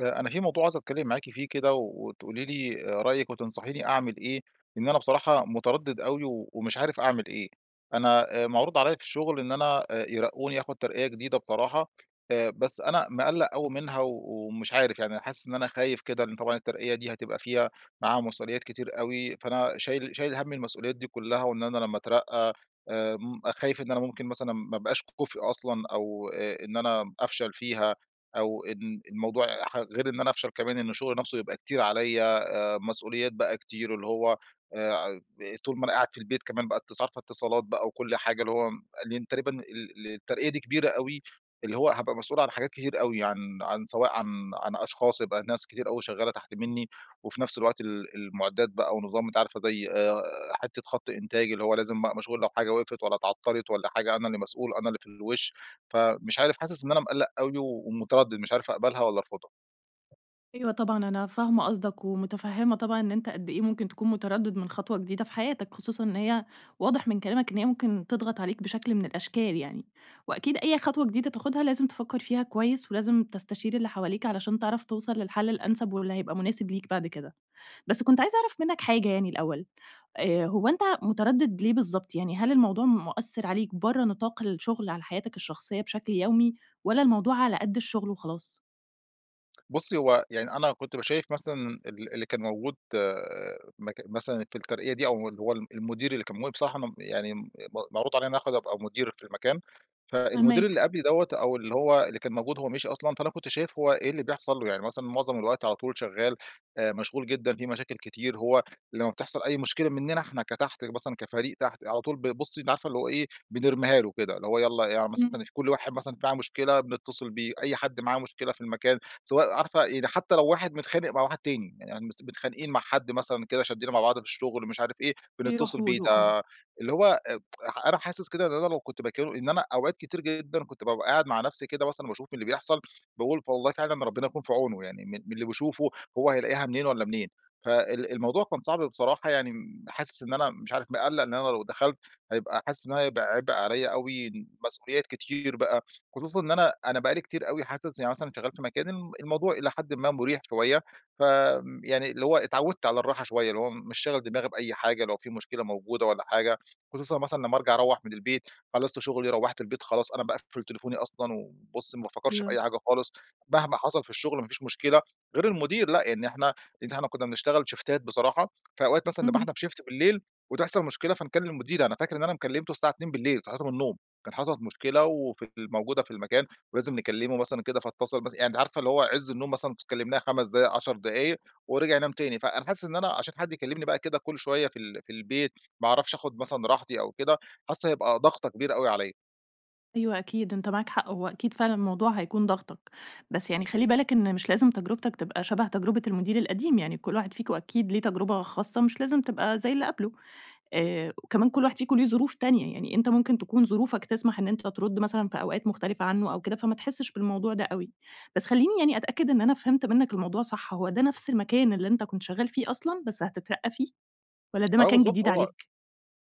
آآ أنا في موضوع عايز أتكلّم معاكِ فيه كده، وتقولي لي آآ رأيكِ وتنصحيني أعمل إيه، لأن أنا بصراحة، متردد أوي، ومش عارف أعمل إيه. أنا آآ معروض عليَّ في الشغل، إن أنا آآ يرقوني، آخد ترقية جديدة بصراحة. آآ بس أنا مقَلَّق أوي منها، و ومش عارف، يعني حاسس إن أنا خايف كده، لإن طبعًا الترقية دي هتبقى فيها معاها مسؤوليات كتير أوي، فأنا شايل شايل هَم المسؤوليات دي كلّها، وإن أنا لمّا أترقى آآ، م خايف إن أنا ممكن مثلًا ما ابقاش كُفْء أصلًا، أو، آآ، إن أنا أفشل فيها أو إن إن الموضوع ح غير إن أنا أفشل كمان، إن الشغل نفسه يبقى كتير عليَّ، آآ مسؤوليات بقى كتير اللي هوّ، آآ، ع طول ما أنا قاعد في البيت، كمان بقى اتص عارفة اتصالات بقى وكل حاجة اللي هوّ لإن تقريبًا ال ال الترقية دي كبيرة أوي، اللي هوّ هابقى مسؤول عن حاجات كتير أوي، عن عن سواء عن عن أشخاص، يبقى ناس كتير أوي شغّالة تحت مِنّي، وفي نفس الوقت ال المعدات بقى ونظام أنتِ عارفة، زي، آآ، حتّة خط إنتاج، اللي هوّ لازم مشغول لو حاجة وقفت والَّا اتعطَّلت، والَّا حاجة، أنا اللي مسؤول، أنا اللي في الوش. فمش عارف حاسس إن أنا مقَلَّق أوي ومتردد، مش عارف أقبلها، والّا أرفضها. أيوة طبعًا أنا فاهمة قصدك، ومتفهمة طبعًا إن أنت قد إيه ممكن تكون متردد مِن خطوة جديدة في حياتك، خصوصًا إن هي واضح مِن كلامك، إن هيّ ممكن تضغط عليك، بشكل مِن الأشكال يعني. وأكيد أي خطوة جديدة تاخدها، لازم تفكّر فيها كويّس، ولازم تستشير اللي حواليك علشان تعرف توصل للحل الأنسب، واللي هيبقى مناسب ليك بعد كده. بس كنت عايزة أعرف منّك حاجة يعني الأول، آآ، هوّ أنت متردد ليه بالضبط؟ يعني هل الموضوع مؤثر عليك برّه نطاق الشغل على حياتك الشخصيّة بشكل يومي، والّا الموضوع على قَدّ الشغل وخلاص؟ بصي هوّ، يعني أنا كنت ب شايف مثلًا، ال اللي كان موجود مك مثلًا في الترقية دي، أو اللي هو ال المدير اللي كان موجود بصراحة ممب يعني م م معروض عليَّ آخد أبقى مدير في المكان. فالمدير فاهماك. اللي قبلي دوَّة، أو اللي هوّ، اللي كان موجود- هوّ مشي أصلًا- فأنا كنت شايف هوّ إيه اللي بيحصل له. يعني مثلًا معظم الوقت على طول شغّال، آآ مشغول جدًا، في مشاكل كتير؛ هوّ لمّا بتحصل أي مشكلة مننا إحنا كتحت مثلًا كفريق تحت، على طول ب بُصّي، أنتِ عارفة اللي هوّ إيه، بنرميها له كده؛ اللي هوّ يلّا يع إمم. مثلًا، كل واحد مثلًا معاه مشكلة بنتصل بيه، أي حد معاه مشكلة في المكان، سواء عارفة، يعني حتّى لو واحد متخانق مع واحد تاني، يعني مثلًا متخانقين مع حد مثلًا كده شدينا مع بعض في الشغل، مش عارف إيه، بنتصل بيروحوا بيه له، آه. ده، اللي هو آآ أنا حاسس كده إن أنا لو كنت مكانه إن أنا أوقات كتير جدًا، كنت بابقى قاعد مع نفسي كده مثلًا باشوف اللي بيحصل، باقول والله فعلًا ربنا يكون في عونه، يعني مِن مِن اللي بيشوفه، هوّ هيلاقيها منين والّا منين؟! فال الموضوع كان صعب بصراحة، يعني حاسس إن أنا مش عارف مقلق إن أنا لو دخلت، هيبقى حاسس إن هيبقى عبء عليَّ أوي، مسؤوليات كتير بقى، خصوصًا إن أنا أنا بقى لي كتير أوي حاسس يعني مثلًا، شغال في مكان الموضوع إلى حد ما مريح شويّة، ف يعني اللي هوّ اتعودت على الراحة شويّة؛ اللي هوّ مش شاغل دماغي بأي حاجة، لو في مشكلة موجودة والّا حاجة، خصوصًأ مثلًا لمّا أرجع أروح مِن البيت، خلصت شغلي، روَّحت البيت، خلاص أنا باقفل تليفوني أصلًا، وبُصّي ما بافكرش في أيوه. أي حاجة خالص، مهما حصل في الشغل، ما فيش مشكلة. غير المدير لأ، يعني إحنا إن إحنا كنّا بنشتغل شيفتات بصراحة، فأوقات مثلًا نبقى اهم. إحنا في شيفت بالليل، وتحصل مشكلة فنكلم المدير. أنا فاكر إن أنا م كلِّمتُه الساعة 2:00 بالليل، صحيته من النوم؛ كان حصلت مشكلة وفي ال موجودة في المكان، ولازم نكلمه مثلًا كده فاتصل، بس عارفة اللي هوّ عز النوم مثلًا كلمناه 5 دقايق، 10 دقايق، ورجع نام تاني، فأنا حاسس إن أنا عشان حد يكلمني بقى كده كل شويّة في ال في البيت، ما أعرفش أخد مثلًا راحتي، أو كده، حاسس هيبقى ضغطة كبيرة أوي عليَّ. أيوه أكيد أنتَ معاك حق، هو أكيد فعلًا الموضوع هيكون ضاغطَك. بس يعني خَلّي بالَك إنّ مش لازم تجربتَك تبقى شبه تجربة المدير القديم، يعني كُلّ واحد فيكم أكيد ليه تجربة خاصّة مش لازم تبقى زَيّ اللي قبله. آآ، وكمان كُلّ واحد فيكم ليه ظروف تانية، يعني أنتَ ممكن تكون ظروفَك تسمح إنّ أنتَ ترُدّ مثلًا في أوقات مختلفة عنه أو كده فما تحسش بالموضوع ده أوي. بس خَلّيني يعني أتأكد إنّ أنا فهمت منَّك الموضوع صح، هو ده نفس المكان اللي أنتَ كنت شغّال فيه أصلًا بس هتترقّى فيه، وإلّا ده آه مكان بالضبط، جديد هو عليك؟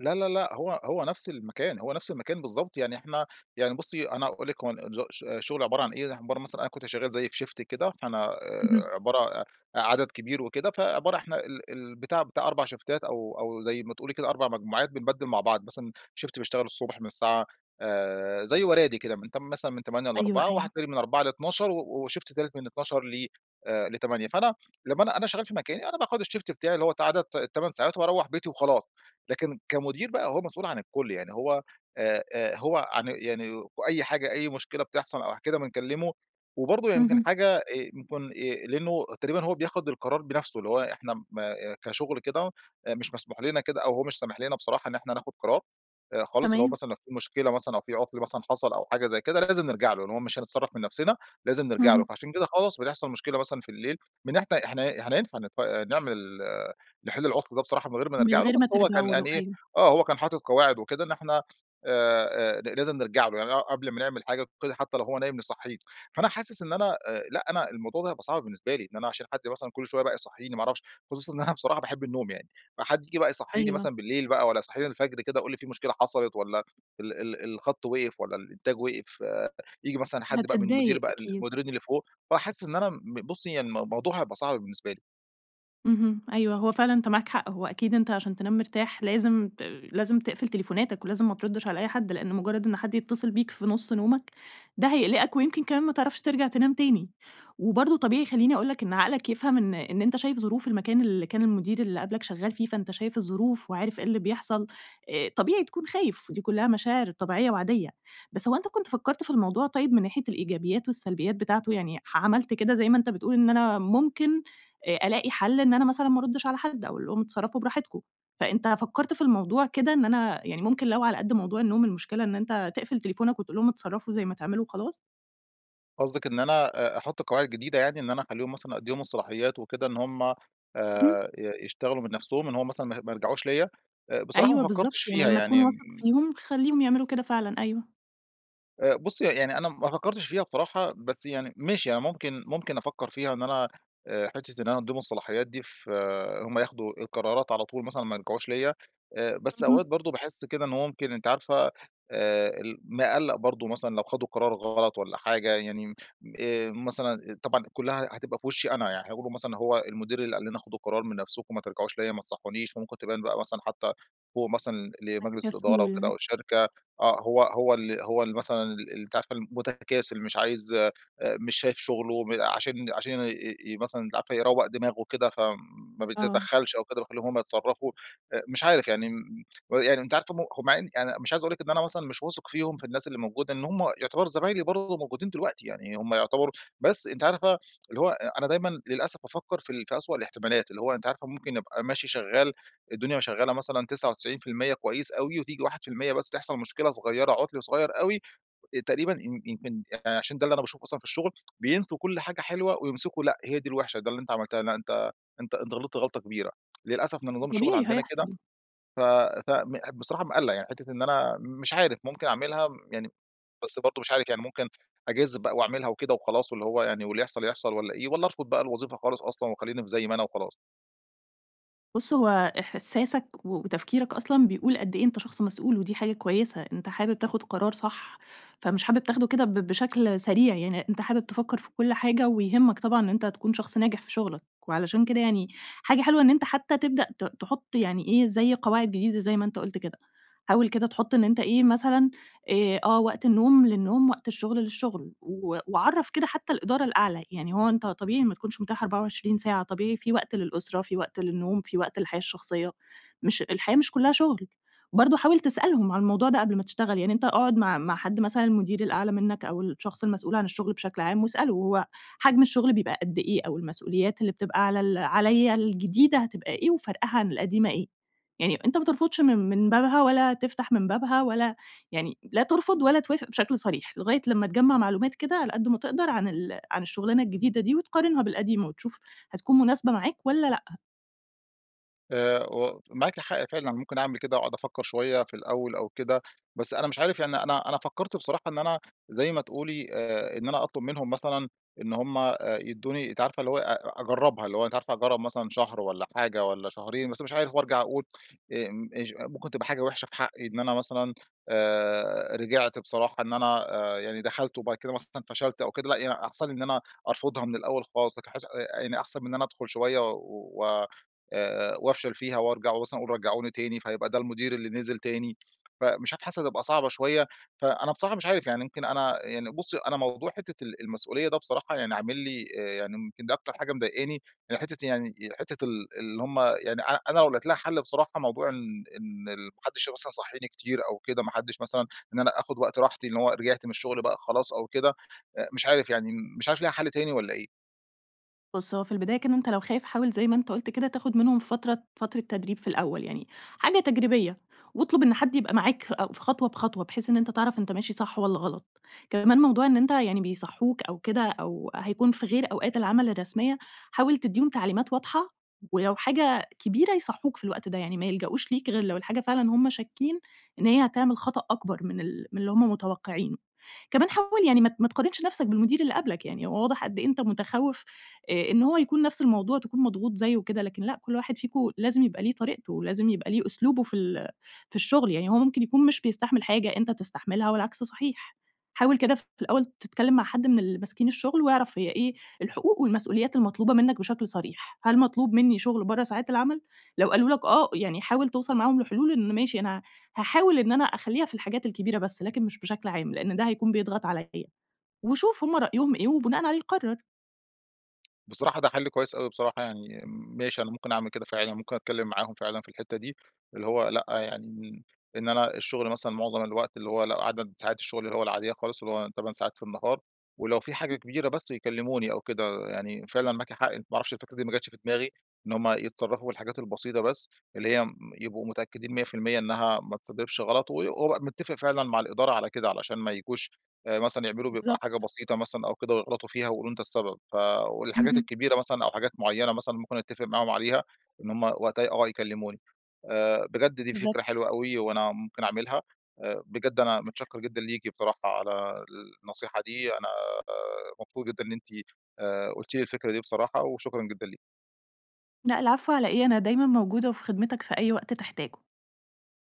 لا، لا، لا، هو هو نفس المكان، هو نفس المكان بالضبط، يعني إحنا يعني بُصّي أنا هاقول لِك هو ن ش الشغل عبارة عن إيه، عبارة مثلًا أنا كنت شغال زي في شيفت كده، فأنا، اهم. آآ، عبارة ع عدد كبير وكده، فعبارة إحنا ال البتاع بتاع 4 شيفتات أو أو زَيّ ما تقولي كده 4 مجموعات بنبدّل مع بعض، مثلًا شيفت بيشتغل الصبح من الساعة، آآ، زي ورادي كده من تم مثلًا من 8:00 أيوه، ل16:00 وواحد أيوه. تاني من 16:00 ل00:00 و وشيفت تالت من 12:00 ل ل8:00، فأنا لمّا أنا أنا شغّال في مكاني أنا باخد الشيفت بتاعي اللي هو عدد ال8 ساعات وباروّح بيتي وخلاص، لكن كمدير بقى هو مسؤول عن الكُلّ، يعني هو، آآ، آآ، هو عن يعني وأيّ حاجة أيّ مشكلة بتحصل أو ح كده بنكلّمه. وبرضه يمكن اهم. حاجة، آآ، يكون آآ، لأنه تقريبًا هو بياخد القرار بنفسه، اللي هو إحنا م آآ، كشغل كده، مش مسموح لنا كده أو هو مش سامح لنا بصراحة إنّ إحنا ناخد قرار، آآ خالص، اللي هو تمام. مثلًا لو في مشكلة مثلًا أو في عطل مثلًا حصل أو حاجة زي كده لازم نرجع له؛ لإنّ هو مش هنتصرف من نفسنا، لازم نرجع له. اهم. فعشان كده خلاص بيحصل مشكلة مثلًا في الليل من إحنا إحنا احنا ينفع نتف آآ، نعمل آآ، نحل العطل ده بصراحة من غير ما من نرجع له، غير ما بس هو كان ترجعوا قال له، إيه أيوه. آه هو كان حاطط قواعد وكده إنّ إحنا، آآ، آآ، ل لازم نرجع له، يعني ق قبل ما نعمل حاجة كده حتى لو هو نايم نصَحّيه. فأنا حاسس إنّ أنا، آآ لأ، أنا الموضوع ده هيبقى صعب بالنسبة لي، إنّ أنا عشان حد مثلًا كُلّ شويَّة بقى يصحّيني ما اعرفش، خصوصًا إنّ أنا بصراحة باحب النوم يعني، فحد ييجي بقى يصحّيني أيوه. مثلًا بالليل بقى وإلّا يصحيني الفجر كده يقول لي: "في مشكلة حصلت." وإلّا "ال ال ال الخط وقف." وإلّا "الإنتاج وقف." آآ، ييجي مثلًا حد بقى من المدير هتتضايق بقى أكيد. المديرين اللي فوق، فأحس إنّ أنا م ب بُصّي يعني الم موضوع هيبقى صعب بالنسبة لي. اهم، أيوه، هو فعلًا أنتَ معاك حق، هو أكيد أنتَ عشان تنام مرتاح، لازِم ت لازِم تقفل تليفوناتَك ولازِم ما تردش على أي حد، لإن مُجرَّد إن حد يتّصل بيك في نُص نومَك ده هيقلقَك ويمكن كمان ما تعرفش ترجَع تنام تاني. وبرضو طبيعي خَلّيني أقول لك إن عقلك يفهم إن إن أنتَ شايف ظروف المكان اللي كان المدير اللي قَبْلك شَغّال فيه فأنت شايف الظروف وعارف إيه اللي بيحصل، آآ، طبيعي تكون خايف، دي كلّها مشاعر طبيعية وعاديّة. بس هو أنت كنت فكَّرت في الموضوع طيِّب من ناحية الإيجابيات والسلبيات بتاعته، يعني ح عملت كده زَي ما أنتَ بتقول إن أنا ممكن، آآ ألاقي حل إن أنا مثلًا ما أردش على حد، أقول لهم اتصرَّفوا براحتكم، فأنتَ فكّرت في الموضوع كده؟ إن أنا يعني ممكن لو على قَدّ موضوع النوم، المشكلة إن أنت تِقفل تليفونَك وتقول لهم اتصرَّفوا زي ما تعملوا وخلاص؟ قصدِك إن أنا آآ أحط قواعد جديدة يعني، إن أنا أخلِّيهم مثلًا أدّيهم الصلاحيات وكده إن هم آآ إمم. ي يشتغلوا من نفْسهم إن هو مثلًا ما ما يرْجَعوش ليَّ؟ آآ بصراحة ما أيوه بالضبط، فكرتش يعني فيها لمَّا تكون يعني، واثق إمم فيهم، خلّيهم يعملوا كده فعلًا، أيوه. آآ، بُصّي يعني أنا ما فكّرتش فيها بصراحة، بس يعني ماشي أنا ممكن ممكن أفكّر فيها إن أنا، آآ، حِتّة إن أنا أدّيهم الصلاحيات دي فهُمّ ياخدوا القرارات على طول مثلًا وما يرجعوش ليَّ، آآ بس أوقات اهم. برضه باحس كده إنُّه ممكن أنتِ عارفة، آآ ال مقلَّق برضو مثلًا لو خدوا قرار غلط والّا حاجة يعني، آآ مثلًا طبعاً كلها هتبقى في وشّي أنا، يعني حيقولوا مثلًا هو المدير اللي قال لنا خدوا القرار من نفْسكم ما ترجعوش ليَّ، ما تصحّونيش، فممكن تبان بقى مثلًا حتى فوق مثلًا [unintelligible] لمجلس الإدارة وكده كسول. وشركة، آه هو هو اللي هو اللي مثلًا ال أنتِ عارفة المتكاسل مش عايز آآ، مش شايف شغله م عشان عشان ي مثلًا أنتِ عارفة يروَّق دماغه وكده فما آه. بيتدخّلش أو كده وبيخلّيهم هم يتصرّفوا. آآ مش عارف يعني م و يعني أنتِ عارفة هم هم يعني أنا مش عايز أقول لِك إن أنا مثلًا مش واثق فيهم في الناس اللي موجودة لإن هم يعتبروا زمايلي برضو وموجودين دلوقتي يعني هم يعتبروا بس أنتِ عارفة اللي هو أ أنا دايمًا للأسف بافكر في ال في أسوأ الاحتمالات، اللي هو أنتِ عارفة ممكن أبقى ماشي شغّال الدنيا شغّالة مثلًا 99% كويّس أوي وتيجي 1% بس تحصل مشكلة صغيرة، عُطْل صغيَّر أوي، تقريبًا إن يمكن آآ، عشان ده اللي أنا باشوفه أصلًا في الشغل، بينسوا كل حاجة حلوة ويمسكوا لأ، هي دي الوحشة ده اللي أنت عملتها، لا أنت أنت أنت غلِطت غلطة كبيرة. للأسف ده ما نظام الشغل طبيعي عندنا كده. هيحصل. ف ف مح بصراحة مقلّق، يعني حتة إن أنا مش عارف ممكن أعملها يعني، بس برضو مش عارف يعني ممكن أجازف بقى وأعملها وكده وخلاص واللي هو يعني واللي يحصل يحصل والّا إيه، والّا أرفض بقى الوظيفة خالص أصلًا وخلّيني في زي ما أنا وخلاص؟ بُصّ هو إحساسك وتفكيرك أصلًا بيقول قد إيه أنتَ شخص مسؤول، ودي حاجة كويّسة، أنتَ حابب تاخد قرار صح، فمش حابب تاخده كده ب بشكل سريع يعني، أنتَ حابب تفكر في كل حاجة ويهمك طبعًا إن أنتَ تكون شخص ناجح في شغلك. وعلشان كده يعني، حاجة حلوة إنّ أنتَ حتّى تبدأ ت تحط يعني إيه زي قواعد جديدة زي ما أنتَ قُلت كده. حاول كده تحط إنّ أنتَ إيه، مثلًا، آآ، آه وقت النوم للنوم، وقت الشغل للشغل، و وعَرَّف كده حتّى الإدارة الأعلى، يعني هو أنتَ طبيعي ما تكونش متاح 24 ساعة، طبيعي في وقت للأسرة، في وقت للنوم، في وقت للحياة الشخصية، مش الحياة مش كلها شُغل. برضه حاول تسألهم عن الموضوع ده قبل ما تشتغل، يعني أنتَ اقعد مع مع حد، مثلًا المدير الأعلى منك أو الشخص المسؤول عن الشغل بشكل عام واسأله: "هو حجم الشغل بيبقى قد إيه أو المسؤوليات اللي بتبقى على ال عَليَّ الجديدة هتبقى إيه وفرقها عن القديمة إيه؟". يعني أنتَ ما ترفضش من من بابها ولا تفتح من بابها ولا يعني لا ترفض ولا توافق بشكل صريح، لغاية لمّا تجمَّع معلومات كده على قد ما تقدر عن ال عن الشغلانة الجديدة دي وتقارنها بالقديمة وتشوف، هتكون مناسبة معاك والّا لأ. آآ، ومعاكِ حق فعلًا، ممكن أعمل كده وأقعد أفكّر شويّة في الأوّل أو كده. بس أنا مش عارف يعني أنا أنا فكرت بصراحة إن أنا- زي ما تقولي- آآ، إن أنا أطلب منهم مثلًا، إن هم آآ يدوني، أنتِ عارفة اللي هوّ أ أ أجربها اللي هوّ أنتِ عارفة أجرّب مثلًا شهر والّا حاجة والّا شهرين بس مش عارف. و أرجع أقول إمم إچ ممكن تبقى حاجة وحشة في حقي إن أنا مثلًا، آآ، رجعت بصراحة إن أنا آآ، يعني دخلت وبعد كده مثلًا فشلت أو كده، لأ يعني أحسن لي إن أنا أرفضها مِن الأوّل خلاص، لكن حاسس آآ، آآ يعني أحسن مِن إن أنا أدخل شويّة و آآ، آآ وأفشل فيها وأرجع ومثلًا أقول رجعوني تاني؛ فهيبقى ده المدير اللي نزِل تاني، فمش عارف حاسس هتبقى صعبة شويّة. فأنا بصراحة مش عارف يعني يمكن أنا يعني بُصّي، أنا موضوع حتّة ال المسؤوليّة ده بصراحة يعني عامل لي آآ، يعني يمكن دي أكتر حاجة مضايقاني؛ يعني حتّة يعني حتّة ال اللي همّ يعني أنا لو لقيت لها حل بصراحة موضوع إن إن ال ما حدش مثلًا يصحيني كتير أو كده، ما حدش مثلًا إن أنا آخد وقت راحتي، إن هوّ رجعت مِن الشغل بقى خلاص أو كده، آآ، مش عارف يعني مش عارف ليها حل تاني والّا إيه؟ بُص، هوّ في البداية كده أنتَ لو خايف، حاول زي ما أنتَ قُلت كده تاخد منهم فترة فترة تدريب في الأوّل يعني، حاجة تجريبية. واطلُب إن حد يبقى معاك فأو في خطوة بخطوة، بحيث إن أنتَ تعرف أنتَ ماشي صح والّا غلط. كمان موضوع إن أنتَ يعني بيصحوك أو كده أو هيكون في غير أوقات العمل الرسميّة، حاول تديهم تعليمات واضحة، ولو حاجة كبيرة يصحوك في الوقت ده، يعني ما يلجأوش ليك غير لو الحاجة فعلًا همّ شاكين إن هيّ هتعمل خطأ أكبر مِن ال مِن اللي همّ متوقعينه. كمان حاول يعني ما ت ما تقارنش نفسك بالمدير اللي قبلك يعني، هوّ واضح قد إيه أنتَ متخوف، آآ إن هوّ يكون نفس الموضوع تكون مضغوط زيُّه وكده، لكن لأ، كل واحد فيكم لازم يبقى ليه طريقته، لازم يبقى ليه أسلوبه في ال في الشغل، يعني هوّ ممكن يكون مش بيستحمل حاجة أنتَ تستحملها والعكس صحيح. حاول كده ف في الأوّل تتكلّم مع حد مِن اللي ماسكين الشغل، واعرف هيّ إيه الحقوق والمسؤوليات المطلوبة منّك بشكل صريح. هل مطلوب مِنّي شغل برّه ساعات العمل؟ لو قالوا لك آه، يعني حاول توصل معاهم لحلول إن ماشي أنا هاحاول إن أنا أخليها في الحاجات الكبيرة بس لكن مش بشكل عام، لأن ده هيكون بيضغط عليَّ، وشوف همّ رأيهم إيه وبناءً عليه قرر. بصراحة ده حل كويّس أوي بصراحة يعني، م ماشي أنا ممكن أعمل كده فعلًا، ممكن أتكلّم معاهم فعلًا في الحتّة دي، اللي هو لأ، يعني م إن أنا الشغل مثلًا معظم الوقت اللي هوّ لأ، عدد ساعات الشغل اللي هوّ العاديّة خالص، اللي هوّ 8 ساعات في النهار، ولو في حاجة كبيرة بس يكلموني أو كده، يعني، فعلًا معاكِ حق، ما أعرفش الفكرة دي ما جاتش في دماغي، إن همّ يتصرفوا في الحاجات البسيطة بس، اللي هيّ م يبقوا متأكّدين 100% إن هي ما تسببش غلط، و وأبقى متّفق فعلًا مع الإدارة على كده علشان ما ييجوش آآ مثلًا يعملوا بيبقى حاجة بالضبط. بسيطة مثلًا أو كده ويغلطوا فيها ويقولوا أنت السبب. ف والحاجات اهم. الكبيرة مثلًا أو حاجات معيّنة مثلًا ممكن أتفق معاهم عليها، إن همّ وقتها آه يكلموني. آآ، بجد دي فكرة بالضبط. حلوة أوي وأنا ممكن أعملها. آآ، بجد أنا متشَكّر جدًا ليكِ بصراحة على النصيحة دي. أنا مبسوط جدًا إن أنتِ، آآ، قُلتِ لي الفكرة دي بصراحة، وشكرًا جدًا ليكِ. لأ العفو، على إيه؟ أنا دايمًا موجودة وفي خدمتك في أي وقت تحتاجه.